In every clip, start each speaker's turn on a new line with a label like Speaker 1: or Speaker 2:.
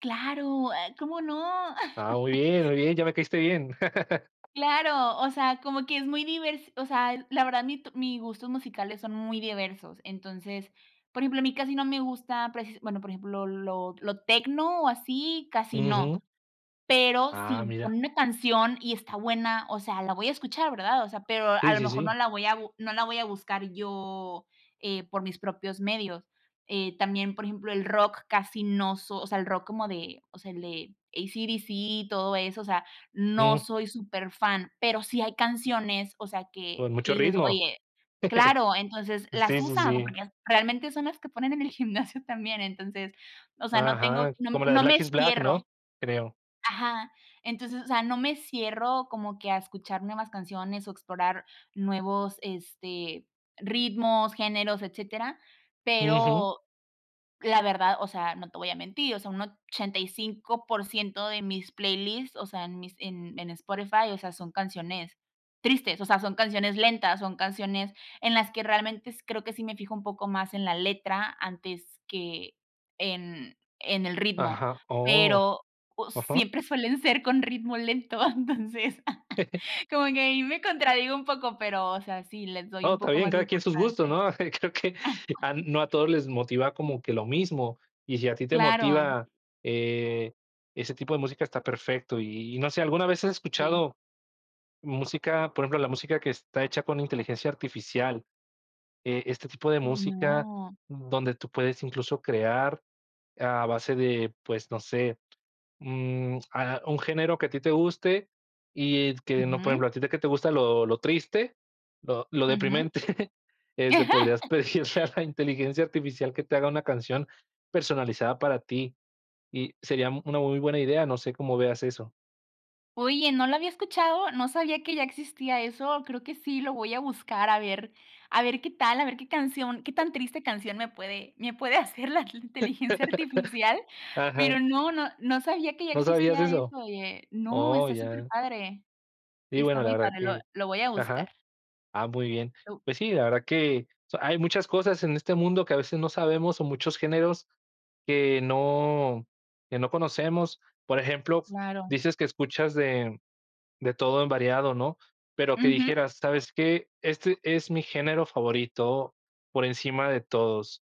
Speaker 1: Claro, ah, ¿cómo no?
Speaker 2: Ah, muy bien, muy bien, ya me caíste bien.
Speaker 1: Claro, o sea, como que es muy divers o sea, la verdad mi t mis gustos musicales son muy diversos. Entonces, por ejemplo, a mí casi no me gusta, por ejemplo, bueno por ejemplo, lo lo techno, o, así, casi no,
Speaker 2: Ujú.
Speaker 1: pero
Speaker 2: Ah,
Speaker 1: si
Speaker 2: mira.
Speaker 1: ponen una canción y está buena, o sea, la voy a escuchar, ¿verdad? O sea, pero a
Speaker 2: Sí,
Speaker 1: lo
Speaker 2: sí,
Speaker 1: mejor no
Speaker 2: sí.
Speaker 1: la voy a bu no la voy a buscar yo, eh, por mis propios medios. Eh, también, por ejemplo, el rock casi no soy, o sea, el rock como de, o sea, el de ACDC y todo eso, o sea, no
Speaker 2: Mm.
Speaker 1: soy superfan, pero sí hay canciones, o sea, que
Speaker 2: Con
Speaker 1: que
Speaker 2: mucho
Speaker 1: dices:
Speaker 2: ritmo.
Speaker 1: "Oye, claro". Entonces
Speaker 2: Sí,
Speaker 1: las
Speaker 2: sí,
Speaker 1: usas,
Speaker 2: sí.
Speaker 1: porque realmente son las que ponen en el gimnasio también, entonces, o sea, no tengo
Speaker 2: Ajá,
Speaker 1: no
Speaker 2: como la de
Speaker 1: no me
Speaker 2: Black is Black, ¿no?
Speaker 1: cierro.
Speaker 2: Creo.
Speaker 1: Ajá, entonces, o sea, no me cierro como que a escuchar nuevas canciones, o, explorar nuevos, este, ritmos, géneros, etcétera.
Speaker 2: Ujú.
Speaker 1: Pero, la verdad, o sea, no te voy a mentir, o sea, un 85% de mis playlists, o sea, en mis en en Spotify, o sea, son canciones tristes, o sea, son canciones lentas, son canciones en las que realmente creo que sí me fijo un poco más en la letra antes que en en el ritmo,
Speaker 2: Ajá, oh.
Speaker 1: pero, pues,
Speaker 2: Ajá.
Speaker 1: siempre suelen ser con ritmo lento, entonces, como que ahí me contradigo un poco, pero, o sea, sí les doy
Speaker 2: Oh,
Speaker 1: un
Speaker 2: está
Speaker 1: poco
Speaker 2: bien,
Speaker 1: más de
Speaker 2: cada quien sus gustos,
Speaker 1: importancia.
Speaker 2: ¿no? Creo que a no a todos les motiva
Speaker 1: Sí.
Speaker 2: como que lo mismo, y si a ti te
Speaker 1: Claro.
Speaker 2: motiva, eh, ese tipo de música, está perfecto, y y no sé, ¿alguna vez has
Speaker 1: Sí.
Speaker 2: escuchado música, por ejemplo, la música que está hecha con inteligencia artificial? Eh, este tipo de música
Speaker 1: No.
Speaker 2: donde tú puedes, incluso, crear a base de, pues, no sé. Mm, ah, un género que a ti te guste y que no, por
Speaker 1: Ujú.
Speaker 2: ejemplo, a ti de que te gusta lo lo triste, lo lo
Speaker 1: Ujú.
Speaker 2: deprimente,. Este, podrías pedirle a la inteligencia artificial que te haga una canción personalizada para ti, y sería una muy buena idea, no sé cómo veas eso.
Speaker 1: Oye, no lo había escuchado, no sabía que ya existía eso, creo que sí lo voy a buscar, a ver, a ver qué tal, a ver qué canción, qué tan triste canción me puede me puede hacer la inteligencia artificial, pero
Speaker 2: Ajá.
Speaker 1: no, no no sabía que ya
Speaker 2: ¿No sabías
Speaker 1: existía
Speaker 2: eso?
Speaker 1: eso, oye. No,
Speaker 2: Oh,
Speaker 1: está
Speaker 2: ya
Speaker 1: superpadre.
Speaker 2: sí,
Speaker 1: Está
Speaker 2: bueno, la
Speaker 1: muy
Speaker 2: verdad
Speaker 1: padre, lo
Speaker 2: que
Speaker 1: lo voy a
Speaker 2: Ajá.
Speaker 1: buscar.
Speaker 2: Ah, muy bien,
Speaker 1: No.
Speaker 2: pues sí, la verdad que, o sea, hay muchas cosas en este mundo que a veces no sabemos, o, muchos géneros que no que no conocemos, por ejemplo,
Speaker 1: Claro.
Speaker 2: dices que escuchas de de todo en variado, ¿no? Pero que
Speaker 1: Ujú.
Speaker 2: dijeras: "¿Sabes qué?, este es mi género favorito por encima de todos".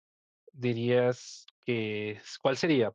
Speaker 2: ¿Dirías que es? ¿Cuál sería?